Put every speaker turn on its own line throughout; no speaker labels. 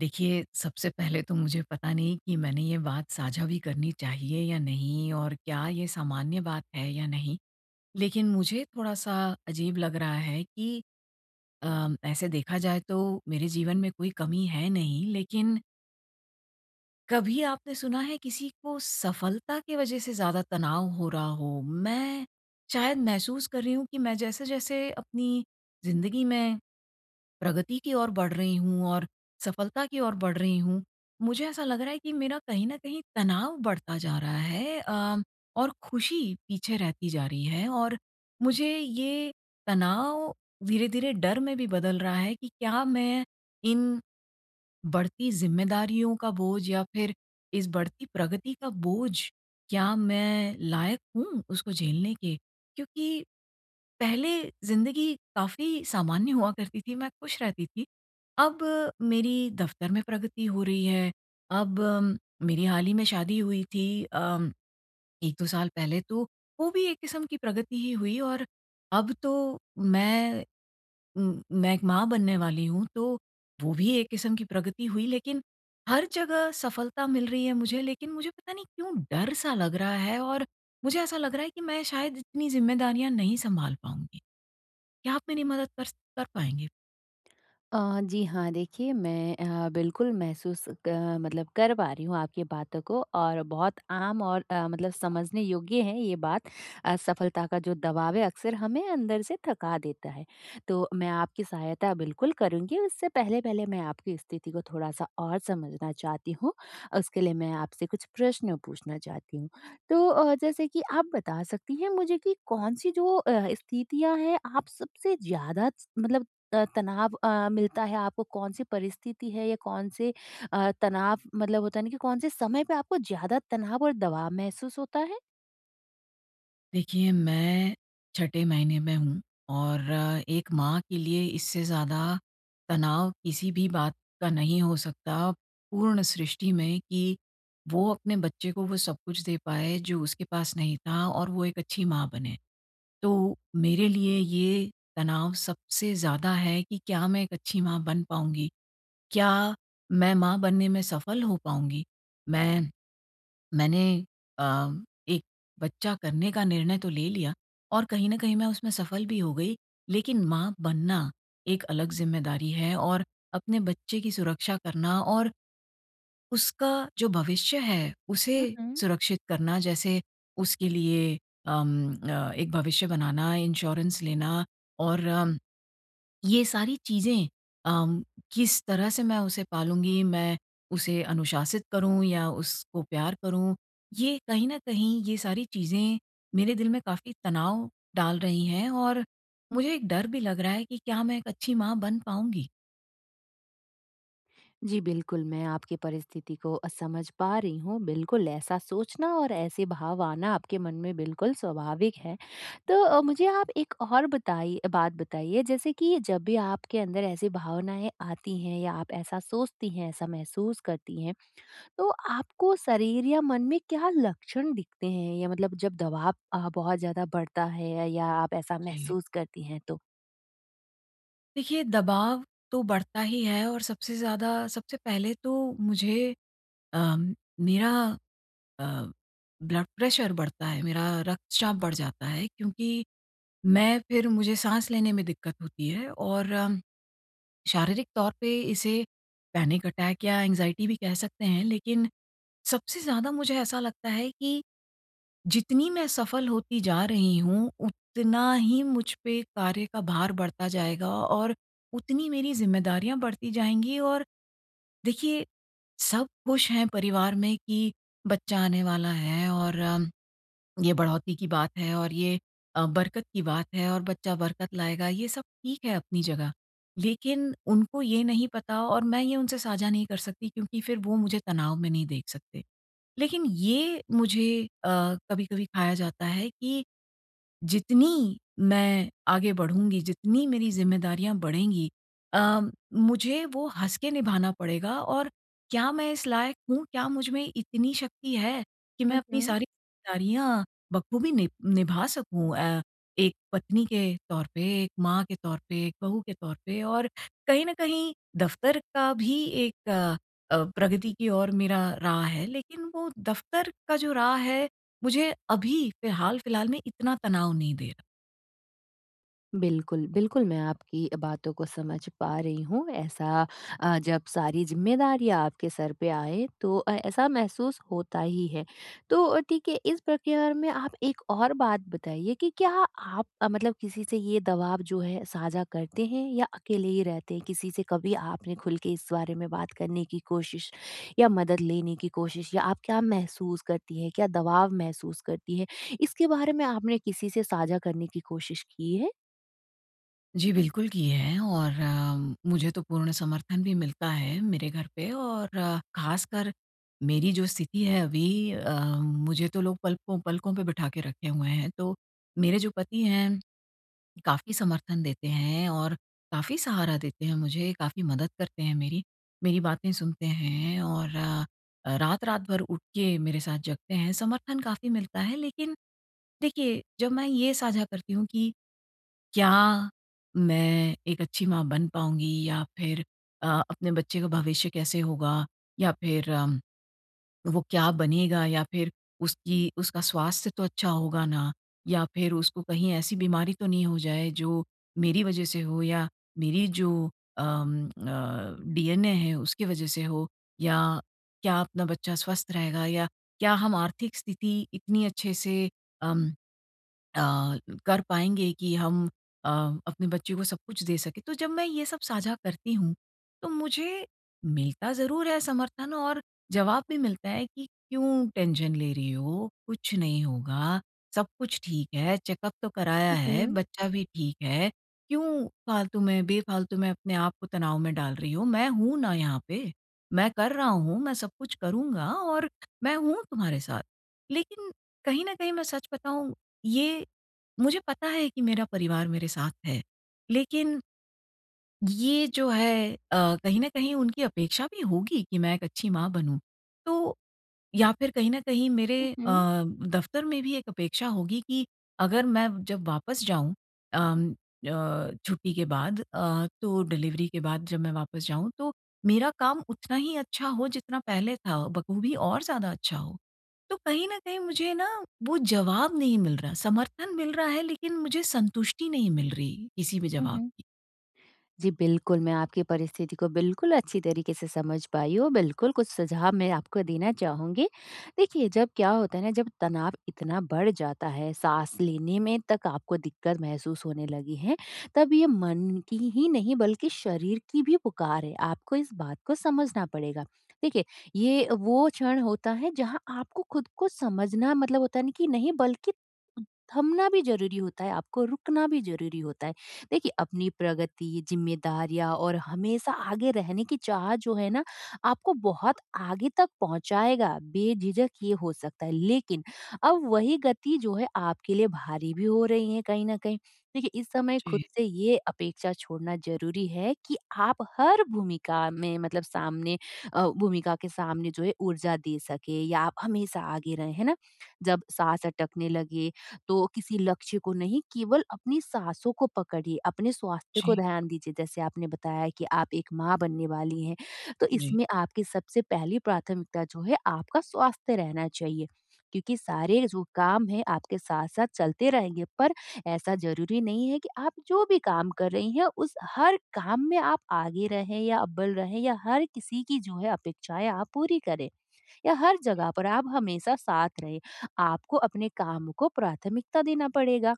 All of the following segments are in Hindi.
देखिए, सबसे पहले तो मुझे पता नहीं कि मैंने ये बात साझा भी करनी चाहिए या नहीं, और क्या ये सामान्य बात है या नहीं। लेकिन मुझे थोड़ा-सा अजीब लग रहा है कि, अ, ऐसे देखा जाए तो मेरे जीवन में कोई कमी है नहीं लेकिन कभी आपने सुना है किसी को सफलता की वज़ह से ज़्यादा तनाव हो रहा हो? मैं शायद महसूस कर रही हूँ कि मैं जैसे-जैसे अपनी ज़िंदगी में प्रगति की ओर बढ़ रही हूँ और सफलता की ओर बढ़ रही हूँ, मुझे ऐसा लग रहा है कि मेरा कहीं न कहीं तनाव बढ़ता जा रहा है अ, और खुशी पीछे रहती जा रही है। और मुझे ये तनाव धीरे-धीरे डर में भी बदल रहा है कि क्या मैं इन बढ़ती ज़िम्मेदारियों का बोझ या फिर इस बढ़ती प्रगति का बोझ, क्या मैं लायक हूँ उसको झेलने के? क्योंकि पहले ज़िंदगी काफ़ी सामान्य हुआ करती थी मैं खुश रहती थी। अब मेरी दफ़्तर में प्रगति हो रही है, अब मेरी हाल ही में शादी हुई थी अ, 1-2 साल पहले तो वो भी एक क़िस्म की प्रगति ही हुई और अब तो मैं मैं एक माँ बनने वाली हूँ तो, वो भी एक क़िस्म की प्रगति हुई। लेकिन हर जगह सफलता मिल रही है मुझे लेकिन मुझे पता नहीं क्यों डर-सा लग रहा है और मुझे ऐसा लग रहा है कि मैं शायद इतनी जिम्मेदारियाँ नहीं सँभाल पाऊँगी। क्या आप मेरी मदद कर स कर पाएँगे?
अ, जी, हाँ। देखिए, मैं अ, बिल्कुल महसूस क मतलब कर पा रही हूँ आपकी बातों को और बहुत आम और अ, मतलब समझने योग्य है ये बात, असफलता का जो दबाव है अक्सर हमें अंदर से थका देता है। तो मैं आपकी सहायता बिल्कुल करुँगी। उससे पहले-पहले मैं आपकी स्थिति को थोड़ा-सा और समझना चाहती हूँ। उसके लिए मैं आपसे कुछ प्रश्न पूछना चाहती हूँ। तो अ, जैसे कि आप बता सकती हैं मुझे कि कौन-सी जो अ, स्थितियाँ हैं, आप सबसे ज़्यादा च मतलब अ, तनाव अ, मिलता है आपको? कौन-सी परिस्थिति है या कौन-से अ, तनाव मतलब होता है ना कि कौन-से समय पे आपको ज़्यादा तनाव और दबाव महसूस होता है?
देखिए मैं छठे महीने में हूँ। और एक माँ के लिए इससे ज़्यादा तनाव किसी भी बात का नहीं हो सकता पूर्ण सृष्टि में कि वो अपने बच्चे को वो सब कुछ दे पाएँ जो उसके पास नहीं था और वो एक अच्छी माँ बने। तो मेरे लिए ये तनाव सबसे ज़्यादा है कि क्या मैं एक अच्छी माँ बन पाऊँगी? क्या मैं माँ बनने में सफल हो पाऊँगी? मैं मैंने अ, एक बच्चा करने का निर्णय तो ले लिया और कहीं न कहीं मैं उसमें सफल भी हो गई, लेकिन माँ बनना एक अलग ज़िम्मेदारी है। और अपने बच्चे की सुरक्षा करना और, उसका जो भविष्य है,
हुँ,
उसे
हुँ।
सुरक्षित करना जैसे उसके लिए अम अ, एक भविष्य बनाना, इंश्योरेंस लेना और अम ये सारी चीज़ें। अ, किस तरह से मैं उसे पालूँगी? मैं उसे अनुशासित करूँ या उसको प्यार करूँ। ये कहीं न कहीं, ये सारी चीज़ें मेरे दिल में काफ़ी तनाव डाल रही है और मुझे एक डर भी लग रहा है कि क्या मैं एक अच्छी माँ बन पाऊँगी?
जी, बिल्कुल मैं आपकी परिस्थिति को अ, समझ पा रही हूँ। बिल्कुल, ऐसा सोचना और ऐसे भाव आना आपके मन में बिल्कुल स्वाभाविक है। तो अ, मुझे आप एक और बताई अ, बात बताइए, जैसे कि जब भी आपके अंदर ऐसी भावनाएँ आती हैं या आप ऐसा सोचती हैं, ऐसा महसूस करती हैं, तो आपको शरीर या मन में क्या लक्षण दिखते हैं या मतलब जब दबाव अ, बहुत ज़्यादा बढ़ता है या आप ऐसा
जी।
महसूस करती हैं, तो?
देखिए, दबाव तो बढ़ता ही है और सबसे ज़्यादा सबसे पहले तो मुझे अ, मेरा अ, ब्लड प्रेशर बढ़ता है, मेरा रक्तचाप बढ़ जाता है क्योंकि मैं फिर मुझे साँस लेने में दिक्कत होती है और अम शारीरिक तौर पे इसे पैनिक अटैक या एंग्ज़ायटी भी कह सकते हैं। लेकिन सबसे ज़्यादा मुझे ऐसा लगता है कि जितनी मैं सफल होती जा रही हूँ, उतना ही मुझ पे कार्य का भार बढ़ता जाएगा और उतनी मेरी ज़िम्मेदारियाँ बढ़ती जाएँगी और देखिए, सब खुश हैं परिवार में कि, "बच्चा आने वाला है और अम ये बढ़ोतरी की बात है और ये अ, बरकत की बात है और बच्चा बरकत लाएगा।" ये सब ठीक है अपनी जगह, लेकिन उनको ये नहीं पता और मैं ये उनसे साझा नहीं कर सकती क्योंकि फिर वो मुझे तनाव में नहीं देख सकते। लेकिन ये मुझे अ, कभी-कभी खाया जाता है कि जितनी मैं आगे बढूँगी, जितनी मेरी ज़िम्मेदारियाँ बढ़ेंगी अ, मुझे वो हँस के निभाना पड़ेगा और क्या मैं इस लायक हूँ? क्या मुझ में इतनी शक्ति है कि मैं
हुँ,
अपनी
हुँ।
सारी जिम्मेदारियाँ बखूबी निभ निभा सकूँ अ, एक पत्नी के तौर पे, एक माँ के तौर पे, एक बहू के तौर पे? और कहीं न कहीं, दफ़्तर का भी एक अ, प्रगति की ओर मेरा राह है, लेकिन वो दफ़्तर का जो राह है, मुझे अभी फ़िलहाल-फ़िलहाल में इतना तनाव नहीं दे रहा।
बिल्कुल। बिल्कुल मैं आपकी अ, बातों को समझ पा रही हूँ। ऐसा अ, जब सारी ज़िम्मेदारियाँ आपके सर पे आए तो अ, ऐसा महसूस होता ही है। तो ठीक है, इस प्रक्रिया में आप एक और बात बताइए कि क्या आप मतलब किसी से ये दबाव जो है साझा करते हैं या अकेले ही रहते हैं? किसी से कभी आपने खुल के इस बारे में बात करने की कोशिश या मदद लेने की कोशिश या आप क्या महसूस करती हैं क्या दबाव महसूस करती हैं इसके बारे में आपने किसी से साझा करने की कोशिश की है?
जी बिल्कुल की हैं और उम, मुझे तो पूर्ण समर्थन भी मिलता है मेरे घर पे और ख़ासकर मेरी जो स्थिति है अभी अ, मुझे तो लोग पलकों पलकों पे बिठा के रखे हुए हैं। तो मेरे जो पति हैं, काफ़ी समर्थन देते हैं और काफ़ी सहारा देते हैं मुझे काफ़ी मदद करते हैं मेरी। मेरी बातें सुनते हैं और अ, रात-रात भर उठ के मेरे साथ जगते हैं। समर्थन काफ़ी मिलता है लेकिन देखिए जब मैं ये साझा करती हूँ कि क्या मैं एक अच्छी माँ बन पाऊँगी या फ़िर अ, अपने बच्चे का भविष्य कैसे होगा या फ़िर उम, वो क्या बनेगा या फ़िर उसकी उसका स्वास्थ्य तो अच्छा होगा ना? या फ़िर उसको कहीं ऐसी बीमारी तो नहीं हो जाए जो मेरी वजह से हो? या मेरी जो अम, अ, डीएनए है उसकी वजह से हो या क्या अपना बच्चा स्वस्थ रहेगा या क्या हम आर्थिक स्थिति इतनी अच्छे से उम, अ, कर पाएँगे कि हम अ, अपने बच्चे को सब कुछ दे सकें। तो जब मैं ये सब साझा करती हूँ तो मुझे मिलता ज़रूर है समर्थन और जवाब भी मिलता है कि क्यों टेंशन ले रही हो? कुछ नहीं होगा। सब कुछ ठीक है, चेकअप तो कराया
हुँ,
है।
हुँ।
बच्चा भी ठीक है। क्यों फालतू में बेफालतू में अपने आप को तनाव में डाल रही हो? मैं हूँ ना यहाँ पे। मैं कर रहा हूँ, मैं सब कुछ करूँगा और मैं हूँ तुम्हारे साथ। लेकिन कहीं न कहीं, मैं सच बताऊँ, ये मुझे पता है कि मेरा परिवार मेरे साथ है। लेकिन ये जो है अ, कहीं न कहीं उनकी अपेक्षा भी होगी कि मैं 1 अच्छी माँ बनूँ तो या फ़िर कहीं न कहीं मेरे
हुँ, हुँ।
अ, दफ़्तर में भी एक अपेक्षा होगी कि अगर मैं जब वापस जाऊँ उम अ, छुट्टी के बाद अ, तो डिलिवरी के बाद जब मैं वापस जाऊँ, तो मेरा काम उतना ही अच्छा हो जितना पहले था बख़ूबी और ज़्यादा अच्छा हो। तो कहीं न कहीं, मुझे ना वो जवाब नहीं मिल रहा। समर्थन मिल रहा है लेकिन मुझे संतुष्टि नहीं मिल रही किसी भी जवाब
उहुँ।
की।
जी बिल्कुल, मैं आपकी परिस्थिति को बिल्कुल अच्छी तरीके से समझ पाई हूँ। बिल्कुल, कुछ सुझाव मैं आपको देना चाहूँगी। देखिए जब क्या होता है ना जब तनाव इतना बढ़ जाता है, साँस लेने में तक आपको दिक़्क़त महसूस होने लगी है तब ये मन की ही नहीं बल्कि शरीर की भी पुकार है। आपको इस बात को समझना पड़ेगा। देखिए, ये वो क्षण होता है जहाँ आपको ख़ुद को समझना मतलब होता है नहीं कि नहीं बल्कि अ, थमना भी ज़रूरी होता है, आपको रुकना भी ज़रूरी होता है। देखिए अपनी प्रगति ज़िम्मेदारियाँ और हमेशा आगे रहने की चाह जो है ना आपको बहुत आगे तक पहुँचाएगा। बेझिझक ये हो सकता है। लेकिन अब वही गति जो है आपके लिए भारी भी हो रही है कहीं न कहीं। देखिए, इस समय ख़ुद
जी।
से ये अपेक्षा छोड़ना ज़रूरी है कि आप हर भूमिका में मतलब सामने अ, भूमिका के सामने जो है ऊर्जा दे सकें या आप हमेशा आगे रहें, है ना? जब साँस अटकने लगे तो किसी लक्ष्य को नहीं केवल अपनी साँसों को पकड़िए। अपने स्वास्थ्य को
जी।
ध्यान दीजिए जैसे आपने बताया कि आप एक माँ बनने वाली हैं, तो
जी।
इसमें आपकी सबसे पहली प्राथमिकता जो है आपका स्वास्थ्य रहना चाहिए। क्योंकि सारे जो काम हैं आपके साथ-साथ चलते रहेंगे पर ऐसा ज़रूरी नहीं है कि आप जो भी काम कर रही हैं उस हर काम में आप आगे रहें या अव्वल रहें या हर किसी की जो है अपेक्षाएँ आप पूरी करें या हर जगह पर आप हमेशा साथ रहे। आपको अपने काम को प्राथमिकता देना पड़ेगा।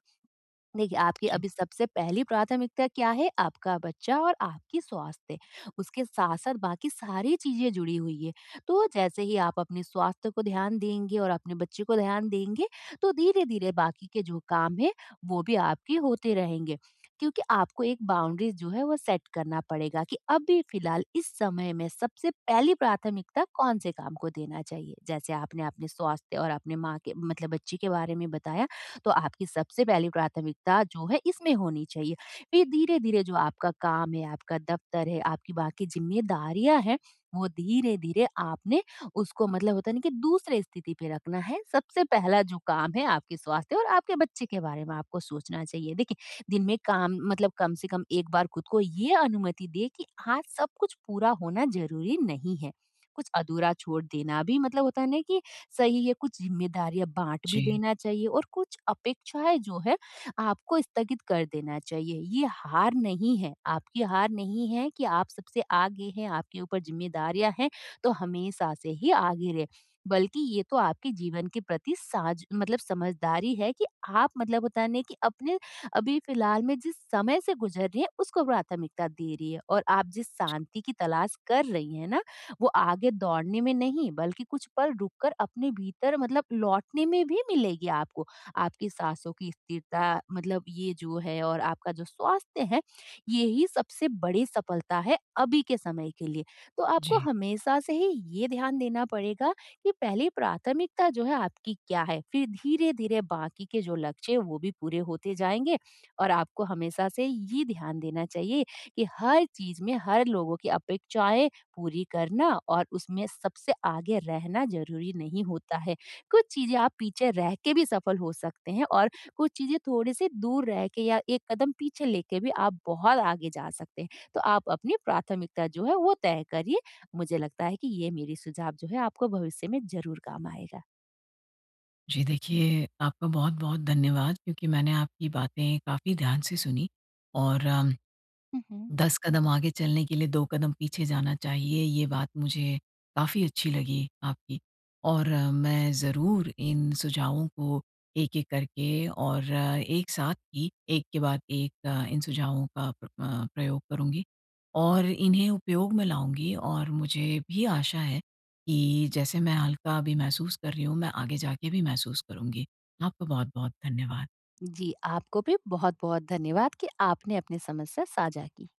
देखिए, आपकी
जी।
अभी सबसे पहली प्राथमिकता क्या है? आपका बच्चा और आपकी स्वास्थ्य। उसके साथ-साथ बाकी सारी चीज़ें जुड़ी हुई है। तो जैसे ही आप अपने स्वास्थ्य को ध्यान देंगे और अपने बच्चे को ध्यान देंगे तो धीरे-धीरे बाकी के जो काम हैं वो भी आपके होते रहेंगे। क्योंकि आपको एक बाउंड्रीज़ जो है वो सेट करना पड़ेगा कि अभी फ़िलहाल इस समय में सबसे पहली प्राथमिकता कौन से काम को देना चाहिए? जैसे आपने अपने स्वास्थ्य और अपने माँ के मतलब बच्चे के बारे में बताया, तो आपकी सबसे पहली प्राथमिकता जो है इसमें होनी चाहिए। फ़िर धीरे-धीरे जो आपका काम है, आपका दफ़्तर है, आपकी बाकी ज़िम्मेदारियाँ हैं, वो धीरे-धीरे आपने उसको मतलब होता है ना कि दूसरे स्थिति पर रखना है। सबसे पहला जो काम है आपके स्वास्थ्य और आपके बच्चे के बारे में आपको सोचना चाहिए। देखिए दिन में काम मतलब कम से कम एक बार ख़ुद को ये अनुमति दें कि आज सब कुछ पूरा होना ज़रूरी नहीं है। कुछ अधूरा छोड़ देना भी मतलब होता है ना कि सही है। कुछ ज़िम्मेदारियाँ बाँट भी
जी।
देना चाहिए और कुछ अपेक्षाएँ जो हैं आपको स्थगित कर देना चाहिए। ये हार नहीं है आपकी हार नहीं है कि आप सबसे आगे हैं आपके ऊपर ज़िम्मेदारियाँ हैं तो हमेशा से ही आगे रहे बल्कि ये तो आपके जीवन के प्रति साज मतलब समझदारी है कि आप मतलब होता है ना कि अपने अभी फ़िलहाल में जिस समय से गुज़र रही हैं उसको प्राथमिकता दे रही है और आप जिस शांति की तलाश कर रही है ना, वो आगे दौड़ने में नहीं बल्कि कुछ पल रुक कर अपने भीतर मतलब लौटने में भी मिलेगी आपको। आपकी साँसों की स्थिरता मतलब ये जो है और आपका जो स्वास्थ्य है, यही सबसे बड़ी सफ़लता है अभी के समय के लिए। तो आपको
जी।
हमेशा से ही ये ध्यान देना पड़ेगा कि पहली प्राथमिकता जो है आपकी क्या है? फ़िर धीरे-धीरे बाकी के जो लक्ष्य हैं वो भी पूरे होते जाएँगे और आपको हमेशा से ये ध्यान देना चाहिए कि हर चीज़ में हर लोगों की अपेक्षाएँ पूरी करना और उसमें सबसे आगे रहना ज़रूरी नहीं होता है। कुछ चीज़ें आप पीछे रह के भी सफ़ल हो सकते हैं और कुछ चीज़ें थोड़ी-सी दूर रह के या 1 कदम पीछे लेके भी आप बहुत आगे जा सकते हैं। तो आप अपनी प्राथमिकता जो है वो तय करिए मुझे लगता है कि ये मेरी सुझाव जो है आपको भविष्य में ज़रूर काम आएगा।
जी देखिए, आपका बहुत-बहुत धन्यवाद क्योंकि मैंने आपकी बातें काफ़ी ध्यान से सुनी और उम,
हुँ, हुँ।
10 कदम आगे चलने के लिए 2 कदम पीछे जाना चाहिए ये बात मुझे काफ़ी अच्छी लगी आपकी। और मैं ज़रूर इन सुझावों को एक-एक करके और एक साथ ही एक के बाद एक इन सुझावों का प्र अ, प्रयोग करूँगी और इन्हें उपयोग में लाऊँगी और मुझे भी आशा है कि जैसे मैं हल्का अभी महसूस कर रही हूँ मैं आगे जाके भी महसूस करूँगी। आपका बहुत-बहुत धन्यवाद।
जी, आपको भी बहुत-बहुत धन्यवाद कि आपने अपनी समस्या साझा की।